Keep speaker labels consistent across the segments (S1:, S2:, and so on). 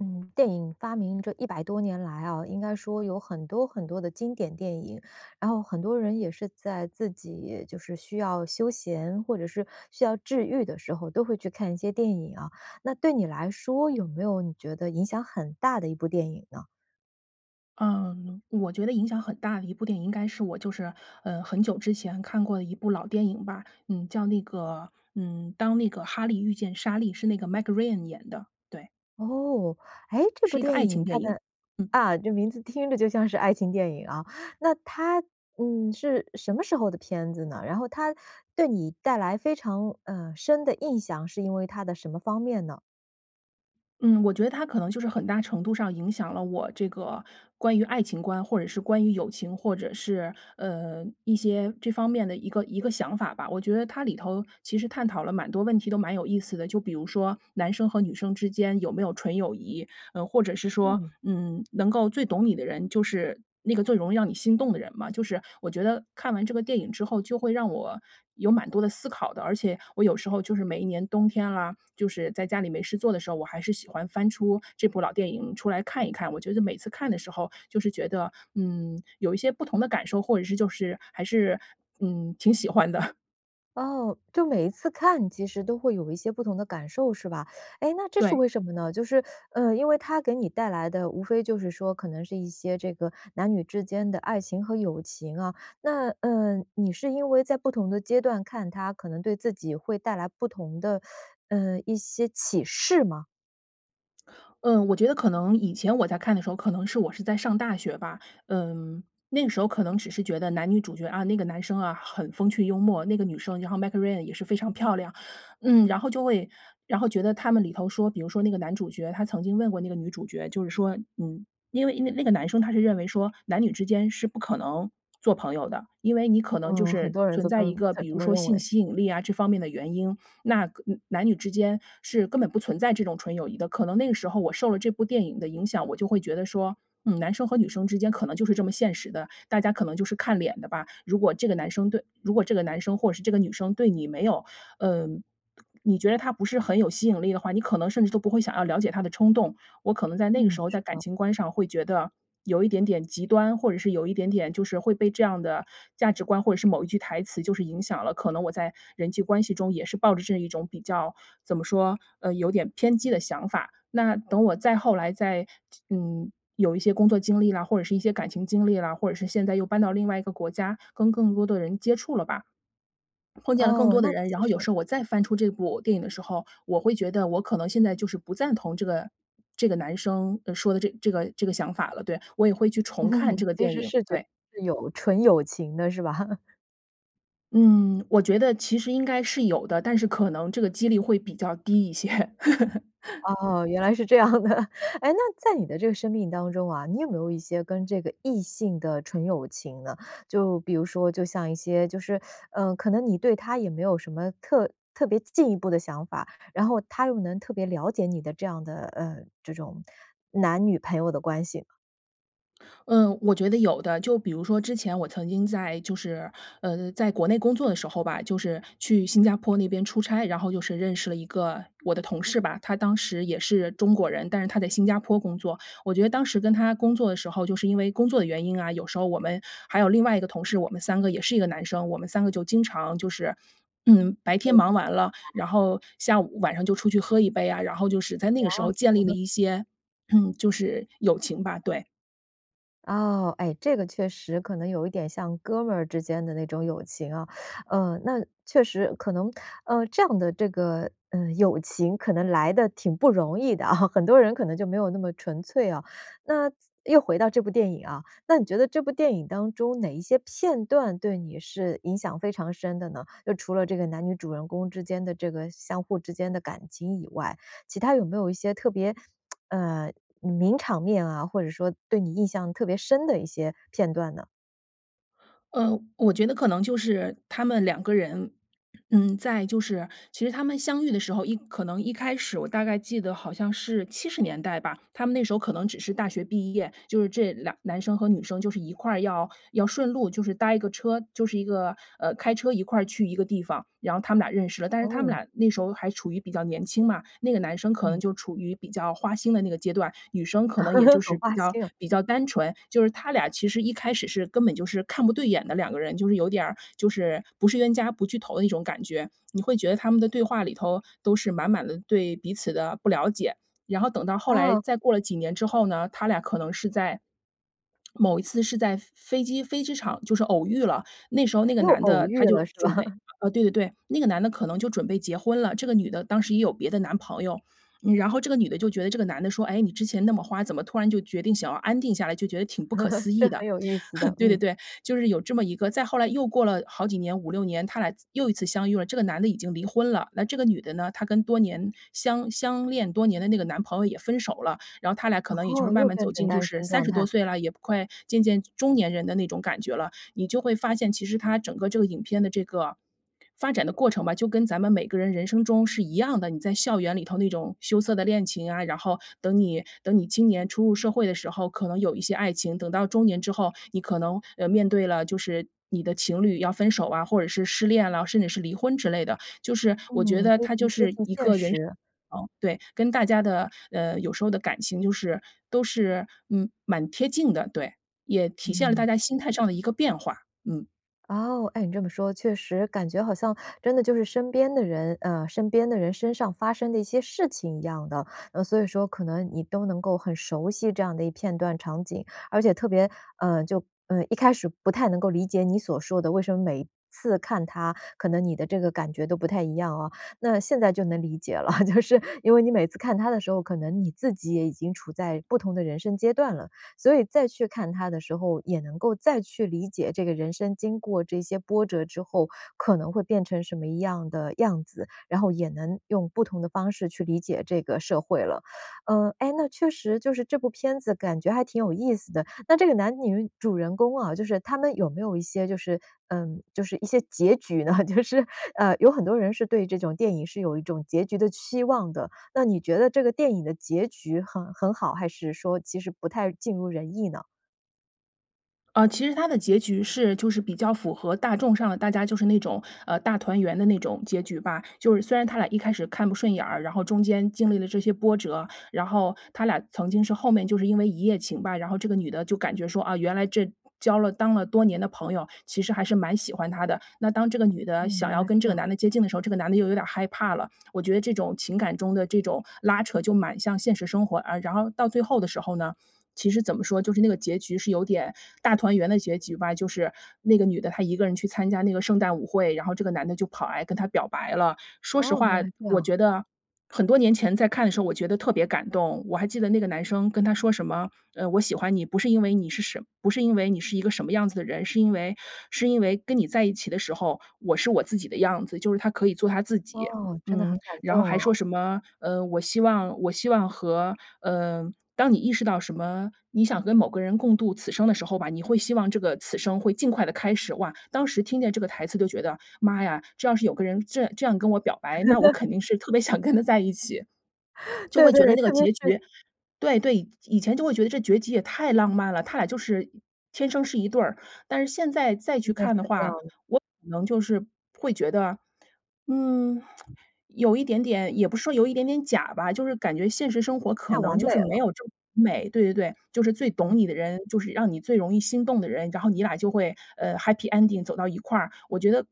S1: 嗯，电影发明这100多年来啊，应该说有很多很多的经典电影，然后很多人也是在自己就是需要休闲或者是需要治愈的时候都会去看一些电影啊，那对你来说有没有你觉得影响很大的一部电影呢？
S2: 嗯，我觉得影响很大的一部电影应该是我就是，呃，很久之前看过的一部老电影吧。嗯，叫那个，嗯，《当那个哈利遇见莎莉》，是那个 Meg Ryan 演的，对。
S1: 哦，哎，这部
S2: 是一个
S1: 电
S2: 爱情
S1: 影它
S2: 电影，
S1: 的
S2: 嗯。
S1: 啊，这名字听着就像是爱情电影啊，那它嗯，是什么时候的片子呢？然后它对你带来非常，啊，深的印象，是因为它的什么方面呢？
S2: 嗯，我觉得它可能就是很大程度上影响了我这个关于爱情观，或者是关于友情，或者是，呃，一些这方面的一个一个想法吧。我觉得它里头其实探讨了蛮多问题都蛮有意思的，就比如说男生和女生之间有没有纯友谊，呃，或者是说，
S1: 嗯。
S2: 嗯，能够最懂你的人就是，那个最容易让你心动的人嘛，就是我觉得看完这个电影之后就会让我有蛮多的思考的。而且我有时候就是每一年冬天啦，就是在家里没事做的时候，我还是喜欢翻出这部老电影出来看一看。我觉得每次看的时候，就是觉得，嗯，有一些不同的感受，或者是就是还是嗯，挺喜欢的。
S1: 哦，就每一次看其实都会有一些不同的感受是吧？哎，那这是
S2: 对。
S1: 为什么呢？就是，呃，因为它给你带来的无非就是说可能是一些这个男女之间的爱情和友情啊。那呃，你是因为在不同的阶段看它可能对自己会带来不同的，呃，一些启示吗？
S2: 嗯，我觉得可能以前我在看的时候，可能是我是在上大学吧，嗯，那个时候可能只是觉得男女主角啊，那个男生啊很风趣幽默，那个女生，然后 Meg Ryan 也是非常漂亮。嗯，然后就会然后觉得他们里头说，比如说那个男主角，他曾经问过那个女主角，就是说嗯，因为因为那个男生他是认为说男女之间是不可能做朋友的，因为你可能就
S1: 嗯，很
S2: 是
S1: 多人
S2: 存
S1: 都这
S2: 在
S1: 么
S2: 一个
S1: 都
S2: 比
S1: 这
S2: 如
S1: 么
S2: 说
S1: 认
S2: 性
S1: 为。
S2: 吸引力啊这方面的原因，那根男女之间是根本不存在这种纯友谊的。可能那个时候我受了这部电影的影响，我就会觉得说，嗯，男生和女生之间可能就是这么现实的，大家可能就是看脸的吧。如果这个男生对如果这个男生或者是这个女生对你没有嗯，你觉得他不是很有吸引力的话，你可能甚至都不会想要了解他的冲动。我可能在那
S1: 嗯，
S2: 个时候在
S1: 是
S2: 感
S1: 的。
S2: 情观上会觉得有一点点极端，或者是有一点点就是会被这样的价值观或者是某一句台词就是影响了，可能我在人际关系中也是抱着这一种比较怎么说，呃，有点偏激的想法。那等我再后来再嗯，有一些工作经历啦，或者是一些感情经历啦，或者是现在又搬到另外一个国家，跟更多的人接触了吧，碰见了更
S1: 哦，
S2: 多的
S1: 那
S2: 人，然
S1: 其
S2: 后有
S1: 实
S2: 时候我再翻出这部电影的时候，我会觉得我可能现在就是不赞同这个这个男生说的这这个这个想法了，对，我也会去重看 这个
S1: 其
S2: 电
S1: 实
S2: 影，
S1: 是觉得
S2: 对。
S1: 是有纯友情的是吧？
S2: 嗯，我觉得其实应该是有的，但是可能这个几率会比较低一些。
S1: 哦，原来是这样的。哎，那在你的生命当中啊，你有没有一些跟这个异性的纯友情呢？就比如说，就像一些就是 呃，可能你对他也没有什么特特别进一步的想法，然后他又能特别了解你的这样的，呃，这种男女朋友的关系吗？
S2: 嗯，我觉得有的。就比如说之前我曾经在就是，呃，在国内工作的时候吧，就是去新加坡那边出差，然后就是认识了一个我的同事吧，他当时也是中国人，但是他在新加坡工作。我觉得当时跟他工作的时候，就是因为工作的原因啊，有时候我们还有另外一个同事，我们3个也是一个男生，我们3个就经常就是，白天忙完了，然后下午晚上就出去喝一杯啊，然后就是在那个时
S1: 哦。
S2: 候建立
S1: 嗯
S2: 了
S1: 哼。
S2: 一些，就是友情吧，对。
S1: 哦，哎，这个确实可能有一点像哥们儿之间的那种友情啊，呃，那确实可能呃，这样的这个，呃，友情可能来得挺不容易的啊，很多人可能就没有那么纯粹啊。那又回到这部电影啊，那你觉得这部电影当中哪一些片段对你是影响非常深的呢？就除了这个男女主人公之间的这个相互之间的感情以外，其它有没有一些特别，呃名场面啊，或者说对你印象特别深的一些片段呢？
S2: 呃，我觉得可能就是他们两个人，嗯，在就是其实他们相遇的时候一可能一开始我大概记得好像是70年代吧，他们那时候可能只是大学毕业，就是这两男生和女生就是一块要要顺路，就是搭一个车，就是一个呃，开车一块儿去一个地方，然后他们俩认识了。但是他们
S1: 哦。
S2: 俩那时候还处于比较年轻嘛，那个男生可能
S1: 嗯。
S2: 就处于比较花心的那个阶段，女生可能也就
S1: 很
S2: 是比
S1: 花
S2: 较
S1: 心啊。
S2: 比较单纯，就是他俩其实一开始是根本就是看不对眼的两个人，就是有点儿就是不是冤家不聚头的那种感觉，你会觉得他们的对话里头都是满满的对彼此的不了解。然后等到后来
S1: 啊。
S2: 再过了几年之后呢，他俩可能是在某一次是在飞机飞机场就是偶遇了，那时候那个
S1: 又
S2: 男
S1: 偶
S2: 的他
S1: 遇了
S2: 就
S1: 是吧？
S2: 准备 呃，对对对，那个男的可能就准备结婚了，这个女的当时也有别的男朋友，然后这个女的就觉得这个男的说：“哎，你之前那么花，怎么突然就决定想要安定下来？”就觉得挺不可 思
S1: 这
S2: 议
S1: 很
S2: 的。
S1: 有意思的，
S2: 对对
S1: 嗯。
S2: 对，就是有这么一个再后来又过了好几年，5-6年，他俩又一次相遇了，这个男的已经离婚了，那这个女的呢，她跟多年相相恋多年的那个男朋友也分手了，然后他俩可能也就是
S1: 哦，
S2: 慢
S1: 又
S2: 慢
S1: 变
S2: 走
S1: 成
S2: 进就
S1: 单
S2: 是
S1: 身
S2: 三
S1: 状
S2: 十
S1: 态。
S2: 多岁了，也不快渐渐中年人的那种感觉了。你就会发现，其实它整个这个影片的这个发展的过程吧，就跟咱们每个人人生中是一样的，你在校园里头那种羞涩的恋情啊，然后等你等你青年初入社会的时候，可能有一些爱情，等到中年之后，你可能，呃，面对了就是你的情侣要分手啊，或者是失恋了，甚至是离婚之类的，就是我
S1: 嗯，
S2: 觉得
S1: 非
S2: 它
S1: 常
S2: 就
S1: 贴
S2: 是
S1: 近
S2: 一
S1: 现
S2: 个人生
S1: 实。
S2: 过程对，跟大家的，呃，有时候的感情就是都是嗯，蛮贴近的，对，也体现了
S1: 嗯。
S2: 大家心态上的一个变化，嗯。
S1: 哦，哎，你这么说，确实感觉好像真的就是身边的人呃，身边的人身上发生的一些事情一样的。所以说可能你都能够很熟悉这样的片段场景，而且特别呃，就呃，一开始不太能够理解你所说的，为什么每次看它可能你的这个感觉都不太一样啊，那现在就能理解了，就是因为你每次看它的时候，可能你自己也已经处在不同的人生阶段了。所以再去看它的时候，也能够再去理解这个人生经过这些波折之后可能会变成什么样的样子，然后也能用不同的方式去理解这个社会了。呃，哎，那确实就是这部片子感觉还挺有意思的，那这个男女主人公啊，就是他们有没有一些就是呃，就是一些结局呢？就是，呃，有很多人是对这种电影是有一种结局的期望的，那你觉得这个电影的结局很很好，还是说其实不太尽如人意呢？
S2: 呃，其实他的结局是就是比较符合大众上的，大家就是那种，呃，大团圆的那种结局吧。就是虽然他俩一开始看不顺眼儿，然后中间经历了这些波折，然后他俩曾经是后面就是因为一夜情吧，然后这个女的就感觉说，啊，原来这交了当了多年的朋友，其实还是蛮喜欢他的。那当这个女的
S1: 嗯，
S2: 想
S1: 原
S2: 要
S1: 来
S2: 跟
S1: 这
S2: 这个
S1: 样。
S2: 男的接近的时候，这个男的又有点害怕了，我觉得这种情感中的这种拉扯就蛮像现实生活啊。然后到最后的时候呢，其实怎么说，就是那个结局是有点大团圆的结局吧，就是那个女的她一个人去参加那个圣诞舞会，然后这个男的就跑来跟她表白了。说实
S1: 哦，原
S2: 话，
S1: 来这
S2: 我
S1: 样。
S2: 觉得很多年前在看的时候，我觉得特别感动，我还记得那个男生跟她说什么：”呃，我喜欢你，不是因为你是什不是因为你是一个什么样子的人，是因为是因为跟你在一起的时候，我是我自己的样子。“就是他可以做他自己。
S1: 哦，真的很
S2: 嗯，
S1: 感
S2: 然后
S1: 动
S2: 还
S1: 哦。
S2: 说什么，呃，我希望我希望和呃当你意识到什么你想跟某个人共度此生的时候吧，你会希望这个此生会尽快地开始。哇，当时听见这个台词都觉得，妈呀，这要是有个人这样这样跟我表白，那我 肯定是特别想跟他在一起，就
S1: 对
S2: 会觉得
S1: 对，
S2: 那个
S1: 特别
S2: 结
S1: 是
S2: 局对对，以前就会觉得这结局也太浪漫了，他俩就是天生是一对儿，但是现在再
S1: 现
S2: 去
S1: 在是
S2: 看的
S1: 这
S2: 话，
S1: 样。
S2: 我可能就是会觉得，嗯，有一点点也不是说有一点点假吧，就是感觉现实生活
S1: 太
S2: 可
S1: 完
S2: 能就
S1: 美
S2: 是没
S1: 了。
S2: 有这么美对对对，就是最懂你的人，就是让你最容易心动的人，然后你俩就会，呃，happy ending 走到一块儿。我觉得，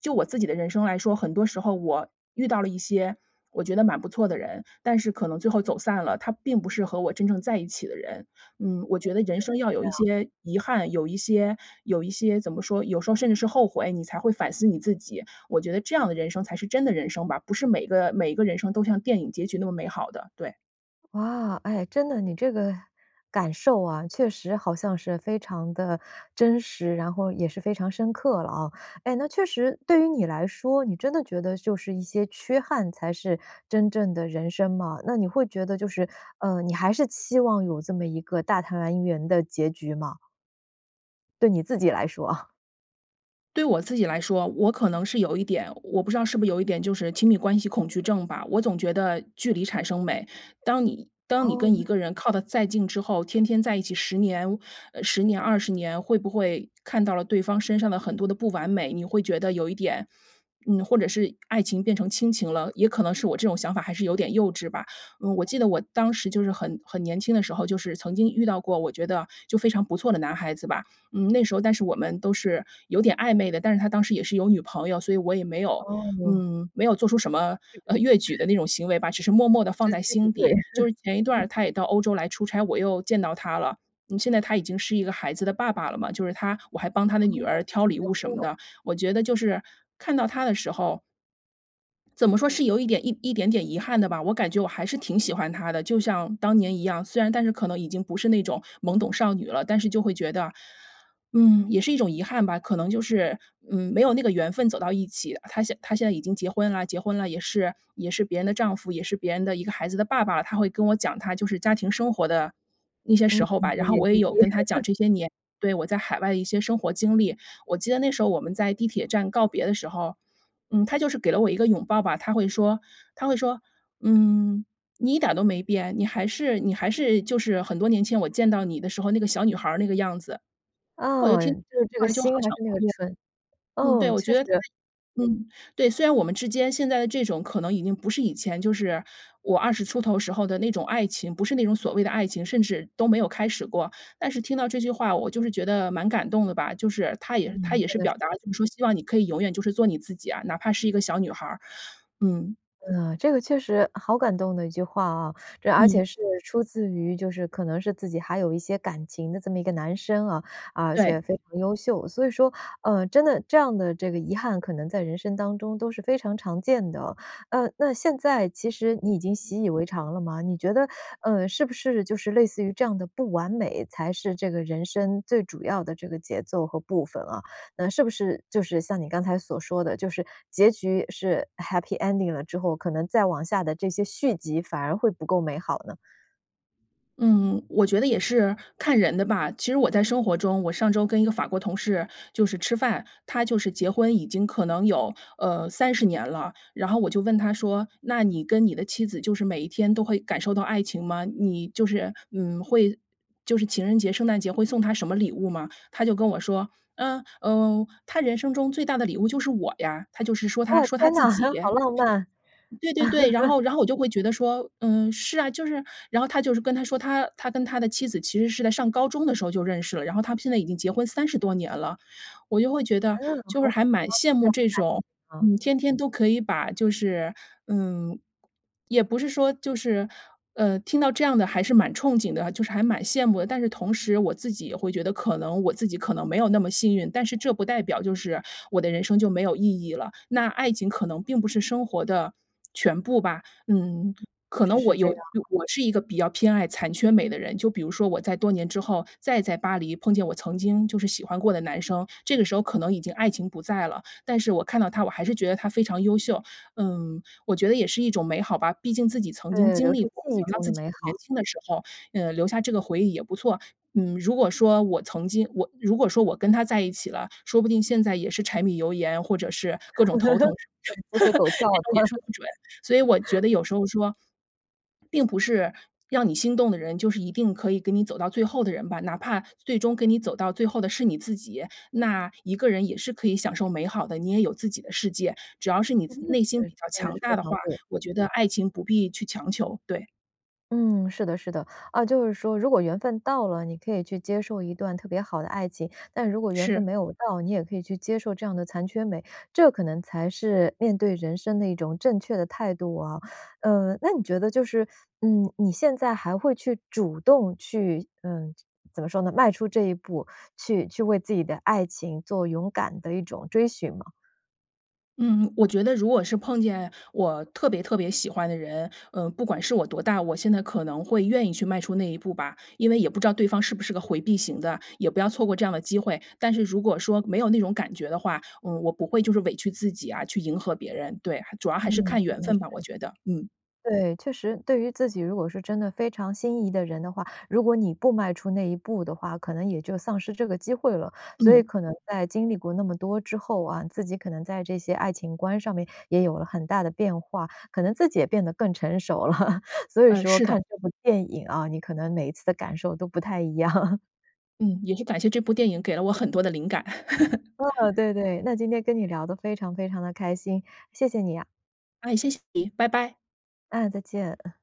S2: 就我自己的人生来说，很多时候我遇到了一些，我觉得蛮不错的人，但是可能最后走散了，他并不是和我真正在一起的人。嗯，我
S1: 嗯，
S2: 觉得人
S1: 真的
S2: 生要
S1: 是这
S2: 有一
S1: 样。
S2: 些遗憾，有一些有一些怎么说，有时候甚至是后悔，你才会反思你自己，我觉得这样的人生才是真的人生吧，不是每个每一个人生都像电影结局那么美好的，对。
S1: 哇，哎，真的，你这个感受啊，确实好像是非常地真实，然后也是非常深刻了啊。哎，那确实对于你来说，你真的觉得就是一些缺憾才是真正的人生吗？那你会觉得就是，呃，你还是期望有这么一个大团圆的结局吗？对你自己来说啊。
S2: 对我自己来说，我可能是有一点我不知道是不是有一点就是亲密关系恐惧症吧，我总觉得距离产生美。当你当你
S1: 哦，
S2: 跟一个人 靠得再近之后，天天在一起10年10年、20年会不会看到了对方身上的很多的不完美，你会觉得有一点嗯，或者是爱情变成亲情了，也可能是我这种想法还是有点幼稚吧。嗯，我记得我当时就是很很年轻的时候，就是曾经遇到过，我觉得就非常不错的男孩子吧，嗯，那时候但是我们都是有点暧昧的，但是他当时也是有女朋友，所以我也没有，
S1: 哦。
S2: 嗯，没有做出什么，呃，越举的 那种行为吧，只是默默地放
S1: 时
S2: 在
S1: 机不
S2: 心
S1: 对。
S2: 底。就 是前一段儿他也到欧洲来出差，我又见到他了，嗯，现在他已经是一个孩子的爸爸了嘛，就是他我还帮他的女
S1: 哦，
S2: 儿
S1: 已
S2: 挑
S1: 经
S2: 礼
S1: 结
S2: 物什
S1: 婚
S2: 么
S1: 了。
S2: 的。我觉得就是看到他的时候怎么说是有一点一一点点遗憾的吧，我感觉我还是挺喜欢他的，就像当年一样。虽然但是可能已经不是那种懵懂少女了，但是就会觉得，嗯也是一种遗憾吧，可能就是，嗯，没有那个缘分走到一起。他现他现在已经结婚了结婚了，也是也是别人的丈夫，也是别人的一个孩子的爸爸，他会跟我讲他就是家庭生活的那些
S1: 嗯，
S2: 时候吧，
S1: 点
S2: 然后
S1: 点
S2: 我也
S1: 滴滴。
S2: 有跟他讲 这些年对，我在海外的一些生活经历。我记得那时候我们在地铁站告别的时候，嗯，他就是给了我一个拥抱吧，他会说他会说：“嗯，你一点儿都没变，你还是你还是就是很多年前我见到你的时候，那个小女孩儿那个样子。“我就
S1: 哦，
S2: 听到这
S1: 就
S2: 句
S1: 是这
S2: 话
S1: 个
S2: 就好
S1: 心还是
S2: 想
S1: 那个纯
S2: 哭嗯，对，
S1: 嗯，
S2: 我觉
S1: 确
S2: 得他
S1: 实。
S2: 嗯，对，虽然我们之间现在的这种可能已经不是以前，就是我20出头时候的那种爱情，不是那种所谓的爱情，甚至都没有开始过，但是听到这句话我就是觉得蛮感动的吧，就是他也他
S1: 嗯，
S2: 也
S1: 真
S2: 是
S1: 的
S2: 表
S1: 是。
S2: 达了，就是说希望你可以永远就是做你自己啊，哪怕是一个小女孩儿，嗯。
S1: 呃，这个确实好感动的一句话啊，而
S2: 嗯。
S1: 且是出自于就是可能是自己还有一些感情的这么一个男生啊，而且
S2: 对。
S1: 非常优秀，所以说，呃，真的这样的这个遗憾可能在人生当中都是非常常见的。呃，那现在其实你已经习以为常了吗？你觉得，呃，是不是就是类似于这样的不完美，才是这个人生最主要的这个节奏和部分啊？那是不是就是像你刚才所说的，就是结局是 happy ending 了之后，可能再往下的这些续集反而会不够美好呢？
S2: 嗯，我觉得也是看人的吧，其实我在生活中我上周跟一个法国同事就是吃饭。他就是结婚已经可能有，呃，30年了，然后我就问他说，“那你跟你的妻子就是每一天都会感受到爱情吗？你就是，嗯，会就是情人节、圣诞节会送她什么礼物吗？”他就跟我说：“嗯嗯，她人生中最大的礼物就是我呀。”他就是说他
S1: 哇，
S2: 说他
S1: 天哪，
S2: 自己。
S1: 好浪漫。
S2: 对对对，然 后然后我就会觉得说，“嗯，是啊。”就是然后他就是跟她说他他跟他的妻子其实是在上高中的时候就认识了，然后他们现在已经结婚30多年了。我就会觉
S1: 嗯。
S2: 得，就是还蛮羡慕这种，嗯，天天都可以把就是嗯，也不是说就是呃，听到这样的还是蛮憧憬的，就是还蛮羡慕的。但是同时我自己也会觉得，可能我自己可能没有那么幸运，但是这不代表就是我的人生就没有意义了，那爱情可能并不是生活的全部吧。嗯，可
S1: 确实
S2: 能我
S1: 是这
S2: 有
S1: 样啊。
S2: 我是一个比较偏爱残缺美的人，就比如说我在多年之后，再在巴黎碰见我曾经就是喜欢过的男生，这个时候可能已经爱情不在了，但是我看到他，我还是觉得他非常优秀。嗯，我觉得也是一种美好吧，毕竟自己曾经
S1: 对，
S2: 经
S1: 留
S2: 历
S1: 住
S2: 过，
S1: 记忆
S2: 想到
S1: 中
S2: 自
S1: 的
S2: 己
S1: 美
S2: 年
S1: 好。
S2: 轻的时候，呃留下这个回忆也不错。嗯，如果说我曾经我如果说我跟他在一起了，说不定现在也是柴米油盐，或者是各 种头疼，
S1: 对，鸡
S2: 这
S1: 飞狗跳的。
S2: 种也说不准。所以我觉 得有时候说，并不是让你心动的人，就是一定可以给你走到最后的人吧，哪怕最终跟你走到最后的是你自己，那一个人也是可以享受美好的，你也有自己的世界。只要是你
S1: 真
S2: 自
S1: 的
S2: 内心
S1: 对，
S2: 比较
S1: 这还
S2: 强
S1: 是非
S2: 大的
S1: 常
S2: 话，
S1: 对的。
S2: 我觉得爱情不必去强求，对。
S1: 嗯，是的是的，啊，就是说如果缘分到了，你可以去接受一段特别好的爱情，但如果缘分
S2: 是。
S1: 没有到，你也可以去接受这样的残缺美，这可能才是面对人生的一种正确的态度啊。嗯，那你觉得就是，嗯，你现在还会去主动去嗯，怎么说呢，迈出这一步，去去为自己的爱情做勇敢的一种追寻吗？
S2: 嗯，我觉得如果是碰见我特别特别喜欢的人，呃，不管是我多大，我现在可能会愿意去迈出那一步吧。因为也不知道对方是不是个回避型的，也不要错过这样的机会，但是如果说没有那种感觉的话，嗯，我不会就是委屈自己啊，去迎合别人。对，主要还是
S1: 嗯，
S2: 看
S1: 真
S2: 缘
S1: 的
S2: 分
S1: 是。
S2: 吧，我觉得，嗯。
S1: 对，确实，对于自己如果是真的非常心仪的人的话，如果你不迈出那一步的话，可能也就丧失这个机会了，所以
S2: 嗯。
S1: 可能在经历过那么多之后啊，自己可能在这些爱情观上面也有了很大的变化，可能自己也变得更成熟了，所以
S2: 嗯，
S1: 说
S2: 是的。
S1: 看这部电影哦，你可能每一次的感受都不太一样。
S2: 嗯，也是感谢这部电影给了我很多的灵感。
S1: 嗯，对对。那今天跟你聊得非常非常地开心，谢谢你啊。
S2: 哎，谢谢你，拜拜。
S1: 嗯，再见。